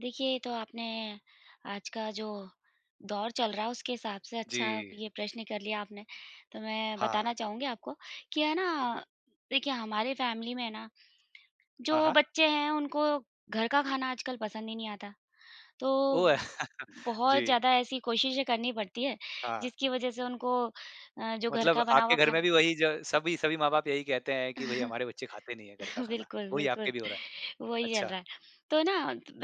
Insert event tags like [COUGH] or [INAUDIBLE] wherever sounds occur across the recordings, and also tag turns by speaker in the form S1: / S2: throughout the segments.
S1: देखिये, ये तो आपने आज का जो दौर चल रहा है, उसके हिसाब से अच्छा
S2: जी।
S1: ये प्रश्न कर लिया आपने। तो मैं बताना
S2: हाँ।
S1: चाहूँगी आपको कि है ना, देखिये हमारी फैमिली में ना,
S2: हाँ,
S1: जो
S2: हाँ।
S1: बच्चे हैं उनको घर का खाना आजकल पसंद ही नहीं आता। तो,
S2: ओह!
S1: ब
S2: [CHUCKLES]
S1: बहुत
S2: जी।
S1: ज़्यादा ऐसी कोशिशें करनी पड़ती है,
S2: हाँ।
S1: जिसकी वज़ह से उनको अ, जो घर का
S2: मतलब
S1: बना हुआ
S2: आपके घर में
S1: खाना
S2: भी वही ज सभी सभी माँ-बाप यही कहते हैं कि भई, हमारे बच्चे खाते नहीं हैं घर का खाना।
S1: बिल्कुल,
S2: वही आपके
S1: बिल्कुल।
S2: भी हो रहा है।
S1: वही चल
S2: अच्छा।
S1: रहा है। तो ना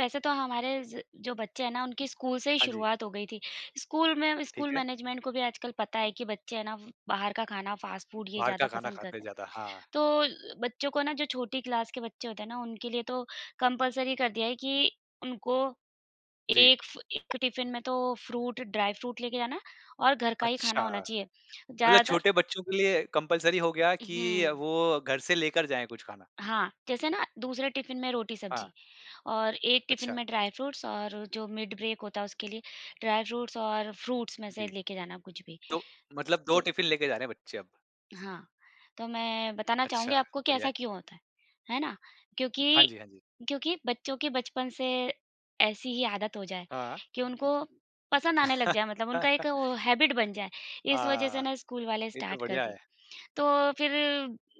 S1: वैसे तो हमारे ज जो बच्चे है ना, उनकी स्कूल से ही
S2: हाँ जी।
S1: शुरुआत हो गयी थी। स्कूल में स्कूल
S2: ठीक है।
S1: मैनेजमेंट को भी आजकल पता है कि बच्चे हैं ना, बाहर का खाना, फास्ट फूड ये
S2: बाहर का
S1: ज़्यादा
S2: खाना
S1: पसंद
S2: खाते
S1: करते हैं।
S2: ज़्यादा, हाँ।
S1: तो अ, बच्चों को ना जो छोटी क्लास के बच्चे होते हैं ना उनके लिए तो कंपल्सरी कर दिया है कि, उनको
S2: जी।
S1: 1 फ 1 टिफिन में तो फ़्रूट, ड्राई फ़्रूट लेके जाना है और घर का ही खाना
S2: अच्छा।
S1: होना चाहिए।
S2: मतलब
S1: ज़्यादातर
S2: छोटे बच्चों के लिए कंपल्सरी हो गया कि
S1: उहुँ।
S2: वो घर से लेकर जाएँ कुछ खाना।
S1: हाँ, जैसे ना दूसरे टिफिन में रोटी-सब्जी
S2: हाँ।
S1: और 1 टिफिन
S2: अच्छा।
S1: में ड्राई फ्रूट्स और जो मिड ब्रेक होता है उसके लिए ड्राई फ्रूट्स और फ्रूट्स में से
S2: जी।
S1: 1 लेके जाना कुछ भी।
S2: तो मतलब 2
S1: तो
S2: टिफिन लेके जा रहे हैं, बच्चे अब?
S1: हाँ, तो मैं बताना
S2: अच्छा,
S1: चाहूँगी आपको कि
S2: बढ़िया
S1: ऐसा
S2: है।
S1: क्यों होता है। है ना,
S2: हाँ
S1: क्योंकि,
S2: जी, हाँ जी।
S1: क्योंकि बच्चों की बचपन से ऐसी ही आदत हो जाए
S2: हाँ।
S1: कि उनको पसंद आने लग जाये मतलब उनका एक वो
S2: [LAUGHS]
S1: एक हैबिट बन जाये, इस वज़ह से
S2: आह,
S1: ना स्कूल वाले
S2: ये तो
S1: स्टार्ट कर
S2: बढ़िया
S1: दिए।
S2: है।
S1: तो फिर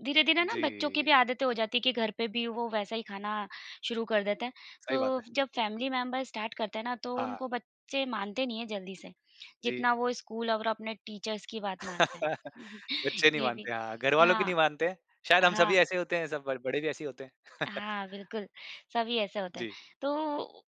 S1: धीरे-धीरे ना बच्चों की
S2: जी।
S1: भी आदतें हो जाती है कि घर पे भी वो वैसा ही खाना शुरू कर देते हैं।
S2: सही बात
S1: तो
S2: है।
S1: जब फैमिली मेंबर स्टार्ट करते हैं ना तो
S2: हाँ।
S1: उनको बच्चे मानते नहीं हैं, जल्दी से।
S2: जी।
S1: जितना वो स्कूल और अपने टीचर्स की बात मानते
S2: [CHUCKLES]
S1: हैं।
S2: बच्चे नहीं
S1: ये भी।
S2: मानते हाँ, घरवालों की नहीं
S1: हाँ।
S2: मानते। शायद हम सभी
S1: हाँ।
S2: ऐसे होते हैं, सब बड़ बड़े भी ऐसे ही होते हैं। [CHUCKLES]
S1: हाँ, बिल्कुल। सभी ऐसे होते हैं।
S2: जी।
S1: तो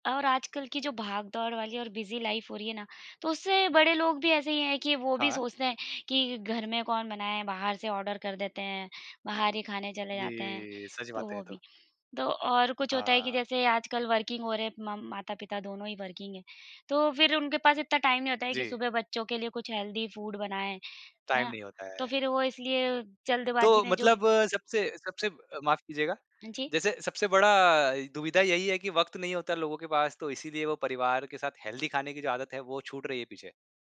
S1: और आजकल कि जो भागदौड़ वाली और बिजी लाइफ़ हो रही है ना तो उससे बड़े लोग भी ऐसे ही है कि वो भी
S2: हाँ।
S1: सोचते हैं कि घर में कौन बनाए, बाहर से ऑर्डर कर देते हैं, बाहर ही खाने चले जाते हैं,
S2: जी। सच
S1: तो
S2: बात है
S1: वो
S2: ये तो।
S1: भी। तो और कुछ होता है कि
S2: हाँ।
S1: जैसे आजकल वर्किंग हो रहे, मम माता-पिता दोनों ही वर्किंग है तो फिर उनके पास इतना टाइम नहीं होता है कि
S2: जी।
S1: सुबह बच्चों के लिए कुछ हेल्दी फूड बनाएँ। है
S2: टाइम
S1: ना
S2: नहीं होता
S1: तो
S2: है।
S1: फिर वो इसलिए जल्दबाज़ी
S2: तो
S1: में जो भी
S2: मतलब सबसे सबसे ब माफ़ कीजिएगा।
S1: हाँ जी।
S2: जैसे सबसे बड़ा दुविधा यही है की वक़्त नहीं होता लोगों के पास तो इसीलिए वो परिवार के साथ हेल्दी खाने की जो आदत है, वो छूट रही है पीछे।